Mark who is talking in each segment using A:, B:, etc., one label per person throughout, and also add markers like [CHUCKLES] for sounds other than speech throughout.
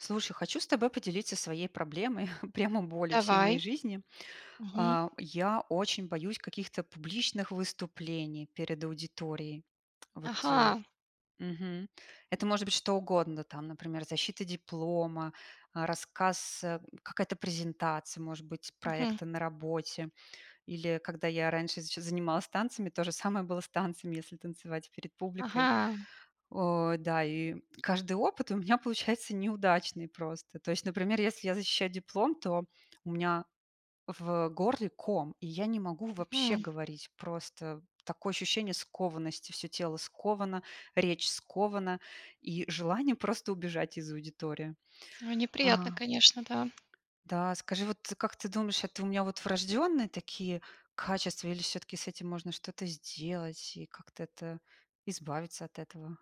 A: Слушай, хочу с тобой поделиться своей проблемой, [CHUCKLES] прямо болью всей моей
B: Давай.
A: жизни.
B: Мгм.
A: А, я очень боюсь каких-то публичных выступлений перед аудиторией. Вот, э.
B: Ага.
A: Мгм. Это может быть что угодно, там например, защита диплома, рассказ, э, какая-то презентация, может быть,
B: Мгм.
A: проекта на работе. Или когда я раньше ещё занималась танцами, то же самое было с танцами, если танцевать перед публикой.
B: Ага.
A: Э, да. И каждый опыт у меня получается неудачный просто. То есть, например, если я защищаю диплом, то у меня в горле ком, и я не могу вообще
B: Мгм.
A: говорить просто. Такое ощущение скованности, всё тело сковано, речь скована, и желание просто убежать из аудитории.
B: А, неприятно
A: А.
B: конечно, да.
A: Да, скажи, вот, э, как ты думаешь, это у меня вот врожденные такие качества или всё-таки с этим можно что-то сделать и как-то, это, избавиться от этого?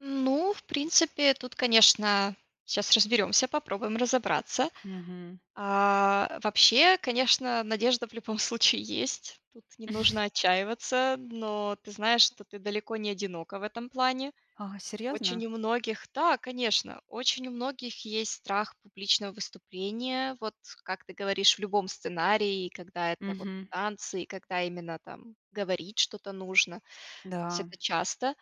B: Ну, в принципе, э, тут, конечно, сейчас разберемся, попробуем разобраться.
A: Мгм.
B: А, вообще, конечно, надежда в любом случае есть. Тут не нужно отчаиваться.
A: [CHUCKLES]
B: Но ты знаешь, что ты далеко не одинока в этом плане.
A: А, серьезно?
B: Очень у многих да, конечно, очень у многих есть страх публичного выступления, вот как ты говоришь в любом сценарии, когда это вот
A: Мгм.
B: танцы, и когда именно там, говорить что-то нужно, то есть
A: Да.
B: это часто.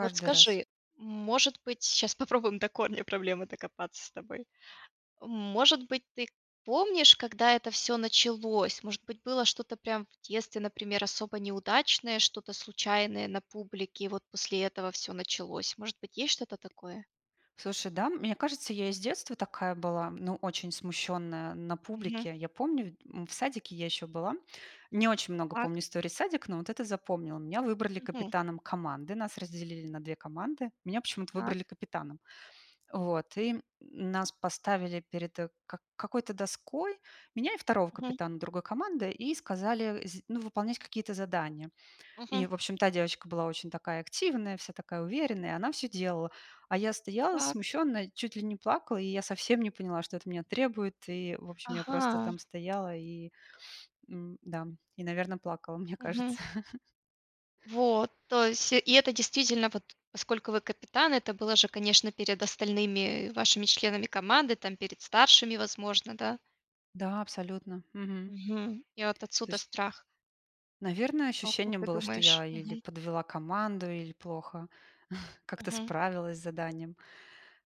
B: Вот
A: раз.
B: скажи, может быть, сейчас попробуем до корня проблемы докопаться с тобой. Может быть ты помнишь, когда это всё началось, может быть было что-то прям в детстве например особо неудачное, что-то случайное на публике, и вот после этого всё началось, может быть есть что-то такое?
A: Слушай, да, мне кажется, я и с детства такая была, ну очень смущенная на
B: Мгм.
A: публике. Я помню в д м, в садике я ещё была. Не очень много
B: Так.
A: помню историй садика, но вот эту запомнила. Меня выбрали
B: Мгм.
A: капитаном команды, нас разделили на 2 команды. Меня почему-то
B: Так.
A: выбрали капитаном. Вот, и нас поставили перед, э, к какой-то доской меня и второго
B: Мгм.
A: капитана другой команды и сказали сд ну выполнять какие-то задания. И
B: Мгм.
A: в общем та девочка была очень такая активная, вся такая уверенная, и она всё делала. А я стояла
B: Так.
A: смущенно, и чуть ли не плакала, и я совсем не поняла, что от меня требуют. И в общем я просто
B: Ага.
A: там стояла и, [SNIFFS] м, да, и, наверно, плакала, мне
B: Мгм.
A: кажется.
B: Вот,
A: [CHUCKLES]
B: то есть и это действительно, вот поскольку вы капитан, это было же конечно перед остальными, э, вашими членами команды, там перед старшими возможно, да?
A: Да, абсолютно. Мгм.
B: Мгм. И вот
A: То
B: отсюда
A: есть
B: страх.
A: Наверное,
B: А как
A: ощущение
B: ты
A: было, что я
B: думаешь?
A: или
B: Мгм.
A: подвела команду, или плохо [CHUCKLES] как-то
B: Мгм.
A: справилась с заданием.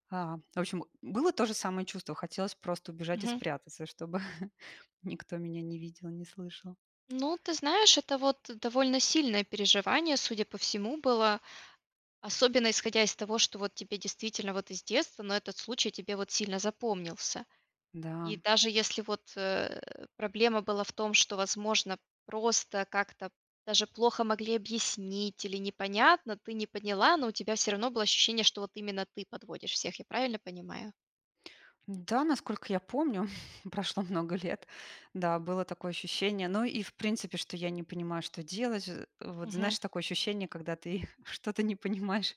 A: А, в общем, было то же самое чувство. Хотелось просто убежать и
B: Мгм.
A: спрятаться, и чтобы [CHUCKLES] никто меня не видел и не слышал.
B: Ну, ты знаешь это вот, довольно сильное переживание, судя по всему было. Особенно исходя из того, что вот тебе действительно вот из детства, но этот случай тебе вот сильно запомнился. И
A: Да.
B: даже если вот, э, проблема была в том, что возможно просто как-то, даже плохо могли объяснить или непонятно, ты не поняла, но у тебя всё равно было ощущение, что вот именно ты подводишь всех, я правильно понимаю?
A: Да, насколько я помню, [CHUCKLES] прошло много лет. Да, было такое ощущение. Ну и в принципе, что я не понимаю, что делать. А, э, вот
B: Мгм.
A: знаешь, такое ощущение, когда ты что-то не понимаешь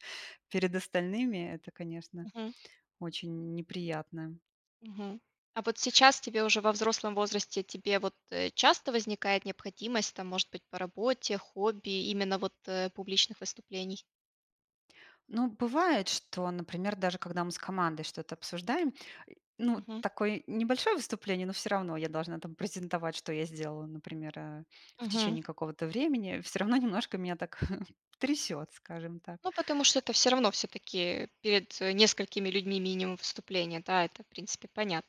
A: перед остальными. Это, конечно,
B: Мгм.
A: очень неприятно.
B: Мгм. А вот сейчас тебе уже во взрослом возрасте, тебе вот, э, часто возникает необходимость, там это может быть по работе, хобби, именно вот, э, публичных выступлений?
A: Ну бывает, что, например, даже когда мы с командой что-то обсуждаем, ну,
B: Мгм.
A: такое небольшое выступление, но всё равно я должна там презентовать, что я сделала, например, э, в
B: Мгм.
A: течение какого-то времени, всё равно немножко меня так [CHUCKLES] трясёт, скажем так.
B: Ну потому что это всё равно всё-таки, э, перед, э, несколькими людьми минимум выступления, да, это в принципе понятно.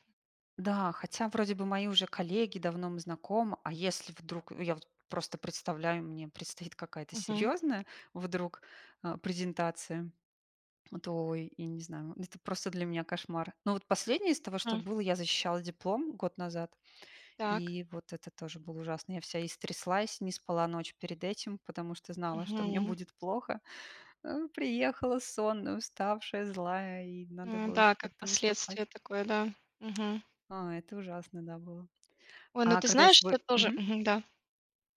A: Да, хотя вроде бы мои уже коллеги давно мы знакомы, а если вдруг, я вот просто представляю, мне предстоит какая-то
B: Мгм.
A: серьезная вдруг, э, презентация, то ой, я не знаю, это просто для меня кошмар. Но вот последнее из того, что
B: М.
A: было, я защищала диплом год назад,
B: Так.
A: и вот это тоже было ужасно. Я вся истряслась, не спала ночь перед этим, потому что знала, [CHUCKLES] что мне
B: Мгм.
A: будет плохо. Э, приехала сонная, уставшая, злая и надо
B: М,
A: было
B: да,
A: ещё
B: как
A: как-то выступать.
B: последствия такое, да, мгм.
A: А, это ужасно, да, было.
B: Ой, ну
A: А
B: ты
A: когда я
B: знаешь, что
A: свой
B: тоже
A: мгм
B: мгм, да.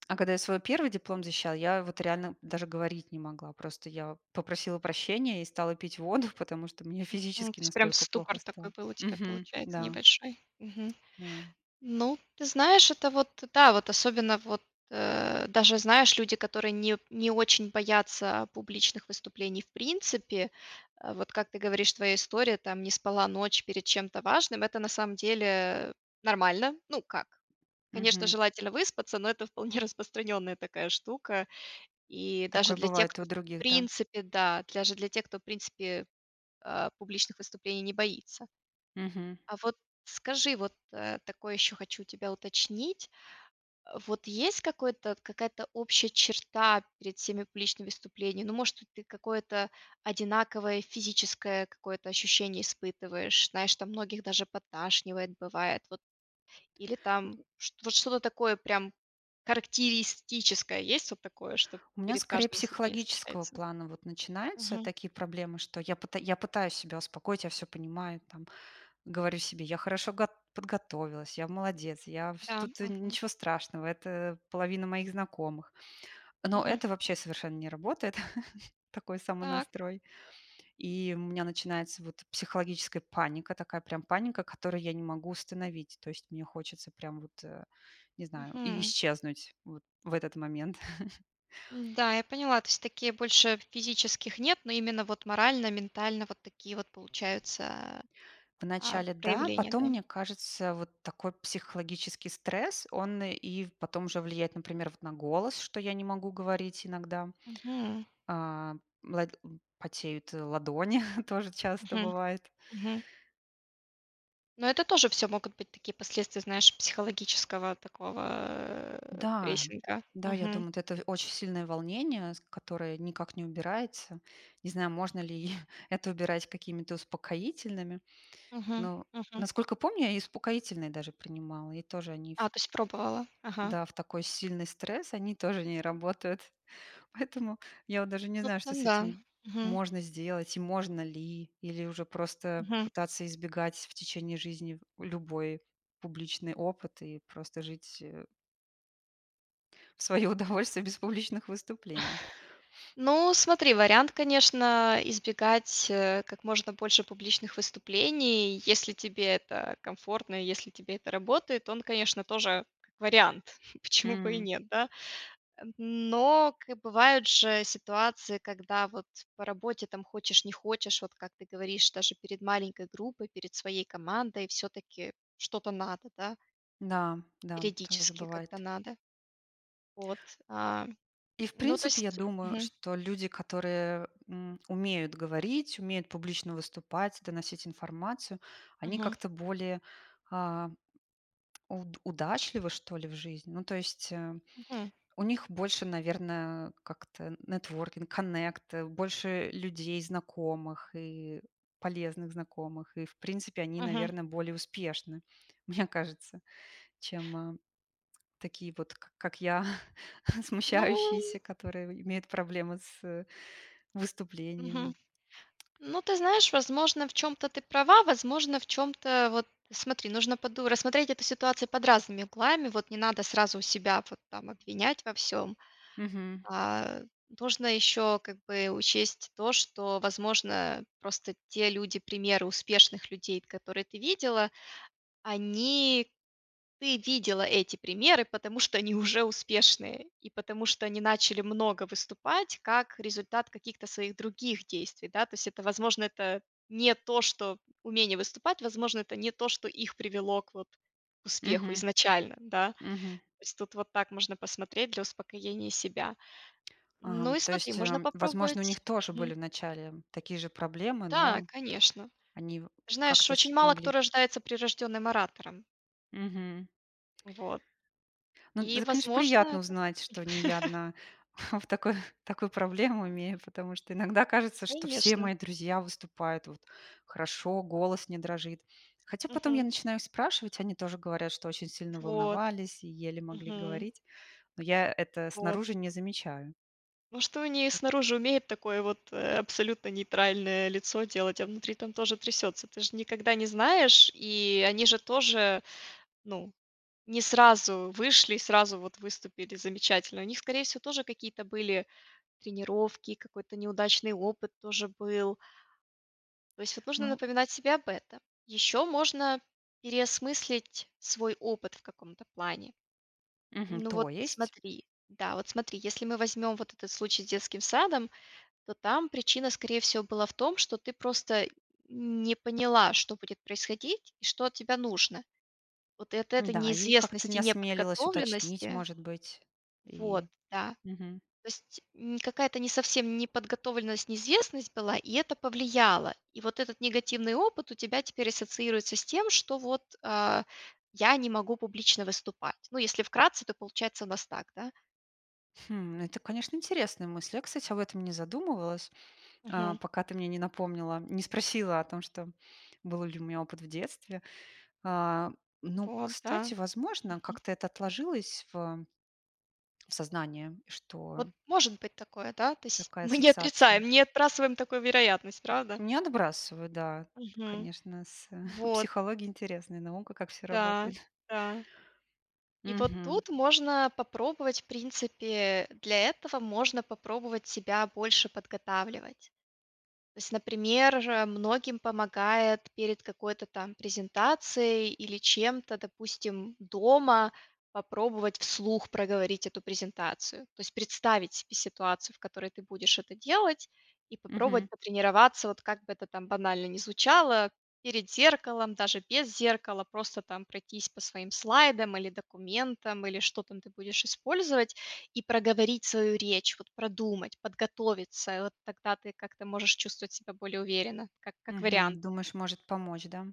A: а когда я свой первый диплом защищала, я вот реально даже говорить не могла. Просто я попросила прощения и стала пить воду, [CHUCKLES] потому что мне
B: Мгм,
A: физически
B: то есть прям
A: настолько
B: ступор
A: плохо
B: такой
A: стало.
B: был у тебя
A: Мгм.
B: получается
A: Да.
B: небольшой. Мгм.
A: Да.
B: Ну ты знаешь, это вот, да, вот особенно вот, э, даже знаешь, люди которые не не очень боятся, а, публичных выступлений в принципе, а, вот как ты говоришь твоя история там не спала ночь перед чем-то важным, это на самом деле, э, нормально. Ну как. Конечно
A: Мгм.
B: желательно выспаться, но это вполне распространенная такая штука, и даже
A: Такое
B: для тех,
A: бывает и у
B: кто в
A: других, да?
B: принципе, да, даже для тех кто, э, публичных выступлений не боится.
A: Мгм.
B: А вот скажи, вот, э, такое ещё хочу у тебя уточнить. Э, вот есть какое-то какая-то общая черта перед всеми публичными выступлениями. Ну может хоть какое-то одинаковое физическое какое-то ощущение испытываешь, знаешь там многих даже подташнивает бывает. Вот, э, или там, вот что-то такое прям характеристическое, есть вот такое, что
A: У меня
B: перед
A: скорее
B: каждым испытанием
A: психологического
B: случается?
A: плана вот начинаются
B: Мгм.
A: такие проблемы, что я пыта я пытаюсь себя успокоить, я всё понимаю, там говорю себе: "Я хорошо гот подготовилась, я молодец, я вс
B: Да,
A: тут
B: мгм.
A: ничего страшного, это, половина моих знакомых". Но
B: Мгм.
A: это вообще совершенно не работает, [CHUCKLES] такой
B: Так.
A: самонастрой. И у меня начинается вот психологическая паника, такая прям паника, которую я не могу остановить. То есть мне хочется прям вот, э, не знаю, и
B: Мгм.
A: исчезнуть вот в этот момент. [CHUCKLES]
B: М, да, я поняла. То есть такие больше физических нет, но именно вот морально, ментально вот такие вот получаются,
A: В
B: а, а,
A: начале да,
B: проявления,
A: потом,
B: да?
A: мне кажется, вот такой психологический стресс, он, и в потом уже влияет, например, вот на голос, что я не могу говорить иногда.
B: Мгм.
A: А, лад потеют, э, ладони, [CHUCKLES] тоже часто
B: Мгм.
A: бывает.
B: Мгм. Но это тоже всё могут быть такие последствия, знаешь, психологического такого, э,
A: Да.
B: прессинга,
A: Да, я
B: мгм.
A: думаю, вот это в очень сильное волнение, с которое никак не убирается. Не знаю, можно ли [CHUCKLES] это убирать какими-то успокоительными,
B: Мгм,
A: но,
B: мгм.
A: насколько помню, я и успокоительные даже принимала, и тоже они ф
B: А, то есть пробовала, ага.
A: да, в такой сильный стресс, они тоже не работают. Поэтому, я вот даже не
B: Ну
A: знаю, что
B: [UNINTELLIGIBLE]
A: с
B: да,
A: этим
B: мгм.
A: можно сделать и можно ли, или уже просто
B: Мгм.
A: пытаться избегать в течение жизни любой публичный опыт и просто жить, э в своё удовольствие без публичных выступлений.
B: [CHUCKLES] Ну, смотри вариант конечно, избегать, э, как можно больше публичных выступлений, и если тебе это комфортно и если тебе это работает, он конечно тоже как вариант.
A: М,
B: Почему бы и
A: м.
B: нет, да? М, но как бывает, же ситуации, когда вот по работе там хочешь не хочешь, вот как ты говоришь, даже перед маленькой группой, перед своей командой, всё-таки что-то надо, да?
A: Да, да, там уже
B: Периодически как-то
A: бывает.
B: надо. Вот, а.
A: И в
B: Ну, то
A: принципе, я
B: есть
A: думаю,
B: мгм.
A: что люди, которые, м, умеют говорить, умеют публично выступать, доносить информацию, они
B: Мгм.
A: как-то более, а, уд удачливы, что ли, в жизни. Ну, то есть, э,
B: Мгм.
A: у них больше, наверное, как-то networking, connect, больше людей знакомых и полезных знакомых. И в принципе, они,
B: Мгм.
A: наверное, более успешны, [CHUCKLES] мне кажется, чем, такие вот, к как я [CHUCKLES]
B: Ну.
A: смущающиеся, которыеимеют проблемы с
B: Мгм.
A: выступлениями.
B: Ну, ты знаешь возможно в чём-то ты права, возможно в чём-то, вот смотри нужно поду рассмотреть эту ситуацию под разными углами. Вот не надо сразу у себя вот там обвинять во всём.
A: Мгм.
B: А, нужно ещё как бы учесть то, что возможно, э, просто те люди примеры успешных людей, которые ты видела, они ты видела эти примеры, потому что они уже успешные, и потому что они начали много выступать, как результат каких-то своих других действий, да. То есть это возможно это не то, что умение выступать, возможно это не то, что их привело к вот к успеху
A: Мгм.
B: изначально, да.
A: Мгм.
B: То есть тут вот так можно посмотреть для успокоения себя.
A: А,
B: Ну
A: м,
B: и
A: то
B: смотри,
A: есть, э,
B: можно
A: м, возможно, у них
B: попробовать
A: тоже
B: мгм.
A: были вначале такие же проблемы,
B: Да,
A: но
B: конечно.
A: они
B: Знаешь,
A: как-то
B: очень мало кто
A: смогли
B: рождается прирожденным оратором.
A: Мгм.
B: Вот.
A: Ну,
B: И
A: это, конечно,
B: возможно
A: приятно
B: это
A: узнать, что не я
B: [CHUCKLES]
A: одна [CHUCKLES] в такой, такую проблему имею, потому что иногда кажется, что все
B: Конечно.
A: мои друзья выступают вот хорошо, голос не дрожит. Хотя потом я
B: Мгм.
A: начинаю спрашивать, они тоже говорят, что очень сильно
B: Вот.
A: волновались и еле могли
B: Мгм.
A: говорить. Но я это
B: Вот.
A: снаружи не замечаю.
B: [CHUCKLES] Ну, что они снаружи и умеют такое вот, э, абсолютно нейтральное лицо делать, а внутри там тоже трясется, ты ж никогда не знаешь. И они же тоже, ну, не сразу вышли, сразу вот выступили замечательно. У них скорее всего тоже какие-то были тренировки, какой-то неудачный опыт тоже был. То есть это нужно
A: Ну
B: напоминать себе об этом. Ещё можно переосмыслить свой опыт в каком-то плане.
A: Мгм,
B: Ну вот
A: то есть.
B: смотри, да, вот смотри: если мы возьмем вот этот случай с детским садом, то там причина скорее всего была в том, что ты просто не поняла, что будет происходить, и что от тебя нужно. Вот и от этой
A: Да, и как-то не
B: неизвестности,
A: осмелилась уточнить,
B: неподготовленности
A: может быть.
B: Вот,
A: И,
B: да.
A: мгм.
B: То есть, м, какая-не совсем неподготовленность, неизвестность была, и это повлияло. И вот этот негативный опыт у тебя теперь ассоциируется с тем, что, вот, а: "Я не могу публично выступать",- ну если вкратце, то получается у нас так, да?
A: Хм, это, конечно, интересная мысль. Я, кстати, об этом не задумывалась, э,
B: Мгм.
A: пока ты мне не напомнила, не спросила о том, что был ли у меня опыт в детстве. А, но,
B: Вот, да.
A: кстати, возможно,
B: Мгм.
A: как-то это отложилось в в сознании,
B: Вот
A: что
B: может быть такое, да? То есть,
A: такая
B: мы не
A: ассоциация.
B: отрицаем, не отбрасываем такую вероятность, правда?
A: Не отбрасываю, да.
B: Мгм.
A: Конечно, с, э, [CHUCKLES]
B: Вот.
A: психология интересная, наука, как всё
B: Да,
A: работает. [CHUCKLES]
B: да. И вот
A: Мгм.
B: тут можно, попробовать в принципе, э, для этого можно попробовать себя больше подготавливать. То есть например, же многим помогает, перед какой-то там презентацией или чем-то, допустим дома попробовать вслух проговорить эту презентацию. То есть представить себе ситуацию, в которой ты будешь это делать, и
A: Мгм.
B: попробовать потренироваться, вот как бы это там банально не звучало, перед зеркалом, даже без зеркала. Просто там пройтись по своим слайдам или документам, или что там ты будешь использовать, и проговорить свою речь. Вот продумать, подготовиться, и вот тогда ты как-то можешь чувствовать себя более уверенно, как как вариант.
A: Мгм, думаешь, может помочь, да?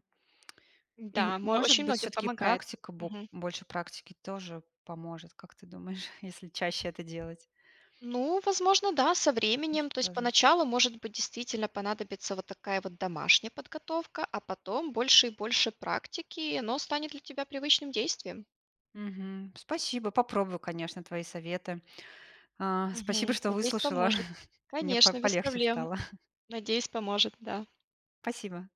A: И
B: Да, мо
A: может
B: очень
A: быть
B: многим
A: всё-таки
B: помогает.
A: практика, бо
B: Мгм.
A: больше практики, тоже поможет, как ты думаешь, [CHUCKLES] если чаще это делать?
B: Ну возможно да, со временем.
A: Может
B: То есть
A: тоже.
B: поначалу может быть действительно понадобится вот такая вот домашняя подготовка, а потом больше и больше практики, и оно станет для тебя привычным действием.
A: Мгм. Спасибо! Попробую, конечно, твои советы. А, спасибо,
B: Мгм.
A: что
B: Надеюсь
A: выслушала.
B: поможет.
A: [CHUCKLES] Мне по
B: Конечно, без
A: полегче
B: проблем,
A: стало. [CHUCKLES]
B: надеюсь поможет, да.
A: Спасибо.